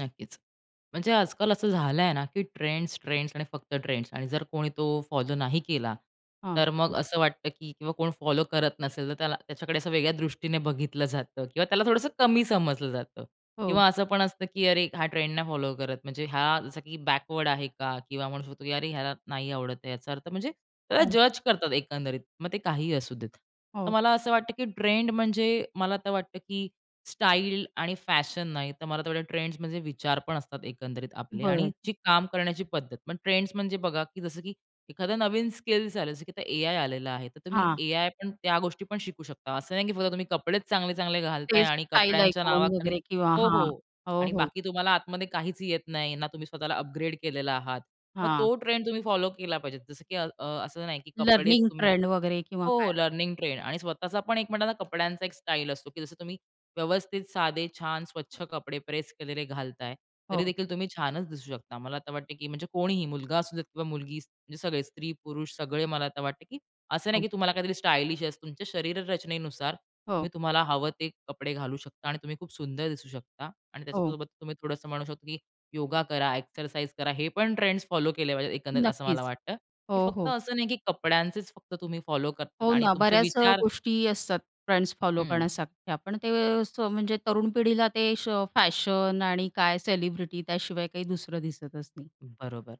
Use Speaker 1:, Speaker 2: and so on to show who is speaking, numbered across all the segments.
Speaker 1: नक्कीच. म्हणजे आज-काल असं झालंय ना, की ट्रेंड्स, ट्रेंड्स आणि फक्त ट्रेंड्स आणि जर कोणी तो फॉलो नाही केला,
Speaker 2: हां.
Speaker 1: तर मग असं वाटतं, की किंवा कोण फॉलो करत नसेल, तर त्याला त्याच्याकडे असं वेगळ्या दृष्टीने बघितलं जातं किंवा त्याला थोडंसं कमी समजलं जातं.
Speaker 2: हो.
Speaker 1: किंवा असं पण असतं की "अरे, हा ट्रेंड नाही फॉलो करत, म्हणजे हा, जसं की बॅकवर्ड आहे का?" किंवा म्हणू शकतो की "अरे, ह्याला नाही आवडत आहे. याचा अर्थ" म्हणजे त्याला
Speaker 2: हो.
Speaker 1: जज करतात एकंदरीत. मग ते काहीही असू देत. तर
Speaker 2: हो.
Speaker 1: मला असं वाटतं की ट्रेंड म्हणजे मला तर वाटतं की स्टाईल आणि फॅशन नाही, तर मला ते ट्रेंड्स म्हणजे विचार पण असतात एकंदरीत आपले. आणि
Speaker 2: बरं.
Speaker 1: जी काम करण्याची पद्धत. पण ट्रेंड्स म्हणजे बघा की जसं की एखादा नवीन स्किल्स आले की एआय आलेला आहे. तर तुम्ही
Speaker 2: हां.
Speaker 1: एआय पण त्या गोष्टी पण शिकू शकता, असं नाही की फक्त तुम्ही कपडे चांगले-चांगले घालताय
Speaker 2: ते
Speaker 1: आणि
Speaker 2: स्टाईल
Speaker 1: कपड्यांच्या
Speaker 2: आयकॉन
Speaker 1: नावाखाली
Speaker 2: वगैरे किंवा
Speaker 1: हो,
Speaker 2: हां.
Speaker 1: हो.
Speaker 2: हो,
Speaker 1: आणि
Speaker 2: हो.
Speaker 1: बाकी तुम्हाला आतमध्ये काहीच येत नाही, ना तुम्ही स्वतःला अपग्रेड केलेला आहात. मग
Speaker 2: हां.
Speaker 1: तो ट्रेंड तुम्ही फॉलो केला पाहिजे. जसं की अ, असं नाही की कपडेच
Speaker 2: लर्निंग
Speaker 1: तुम्ही
Speaker 2: ट्रेंड वगैरे किंवा
Speaker 1: हो,
Speaker 2: काय
Speaker 1: हो
Speaker 2: असेल.
Speaker 1: लर्निंग ट्रेंड आणि स्वतःचा पण एक म्हणता ना, कपड्यांचा एक स्टाईल असतो, की जसं तुम्ही व्यवस्थित, साधे, छान, स्वच्छ कपडे प्रेस केलेले घालताय. तरी
Speaker 2: हो.
Speaker 1: देखील तुम्ही छानच दिसू शकता. मला आता वाटत, की म्हणजे कोणीही मुलगा असू देत किंवा मुलगी, म्हणजे सगळेच, स्त्री-पुरुष सगळे मला आता वाटत की असं नाही,
Speaker 2: हो.
Speaker 1: की तुम्हाला काहीतरी स्टाइलिश असं. तुमच्या शरीर रचनेनुसार
Speaker 2: हो.
Speaker 1: तुम्ही तुम्हाला हवं ते कपडे घालू शकता आणि तुम्ही खूप सुंदर दिसू शकता. आणि
Speaker 2: हो.
Speaker 1: त्याच्यासोबत तुम्ही थोडंस म्हणू शकता, की योगा करा, एक्सरसाइज करा. हे पण ट्रेंड्स फॉलो केले पाहिजेत. एकंदरीत असं मला
Speaker 2: नक्कीच.
Speaker 1: वाटतं, की
Speaker 2: हो,
Speaker 1: फक्त
Speaker 2: हो.
Speaker 1: असं नाही की कपड्यांचेच फक्त तुम्ही फॉलो करतात
Speaker 2: हो,
Speaker 1: आणि
Speaker 2: ना.
Speaker 1: तुमचे
Speaker 2: बऱ्याच अ,
Speaker 1: विचार
Speaker 2: गोष्टी असतात. ट्रेंड्स फॉलो
Speaker 1: हं.
Speaker 2: करण्यासारख्या. पण ते अ, म्हणजे तरुण पिढीला ते श फॅशन आणि काय सेलिब्रिटी त्याशिवाय काही दुसरं दिसतच नाही.
Speaker 1: बरोबर.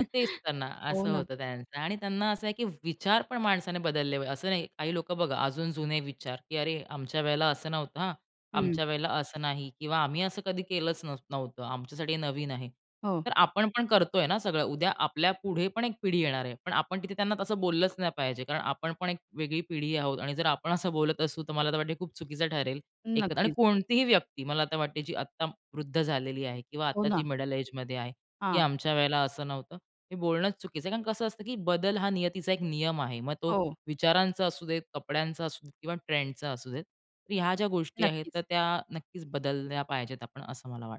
Speaker 1: मग तेच तर ना,
Speaker 2: हो,
Speaker 1: असं
Speaker 2: ना.
Speaker 1: होतं त्यांचं. आणि त्यांना असं आहे, की विचार पण माणसाने बदलले पाहिजे. असं नाही, काही लोकं बघा अजून जुने विचार, की "अरे, आमच्या वेळेला असं नव्हतं हां.
Speaker 2: हं.
Speaker 1: आमच्या वेळेला असं नाही किंवा आम्ही असं कधी केलंच नाही नव्हतं आमच्यासाठी हे नवीन आहे."
Speaker 2: हो.
Speaker 1: तर आपण पण करतोय ना, सगळं. उद्या आपल्या पुढे पण एक पिढी येणार आहे. पण आपण तिथे त्यांना तसं बोललंच नाही पाहिजे. कारण आपण पण एक वेगळी पिढी आहोत. आणि जर आपण असं बोलत असू, तर मला तर वाटते खूप चुकीचं ठरेल एकतर आणि
Speaker 2: नक्कीच.
Speaker 1: कोणतीही व्यक्ती मला आता वाटते, जी आता वृद्ध झालेली आहे किंवा
Speaker 2: हो,
Speaker 1: आता जी
Speaker 2: ना.
Speaker 1: मिडल एजमध्ये आहे, की
Speaker 2: हां.
Speaker 1: "आमच्या वेळेला असं नव्हतं." हे बोलणंच चुकीचं आहे, कारण कसं असतं की बदल हा नियतीचा एक नियम आहे. मग तो
Speaker 2: हो.
Speaker 1: विचारांचा असू देत, कपड्यांचा असू देत किंवा ट्रेंडचा असू देत. तर ह्या ज्या गोष्टी आहेत,
Speaker 2: नक्कीच.
Speaker 1: तर त्या नक्कीच बदलल्या पाहिजेत आपण, असं मला वाटतं.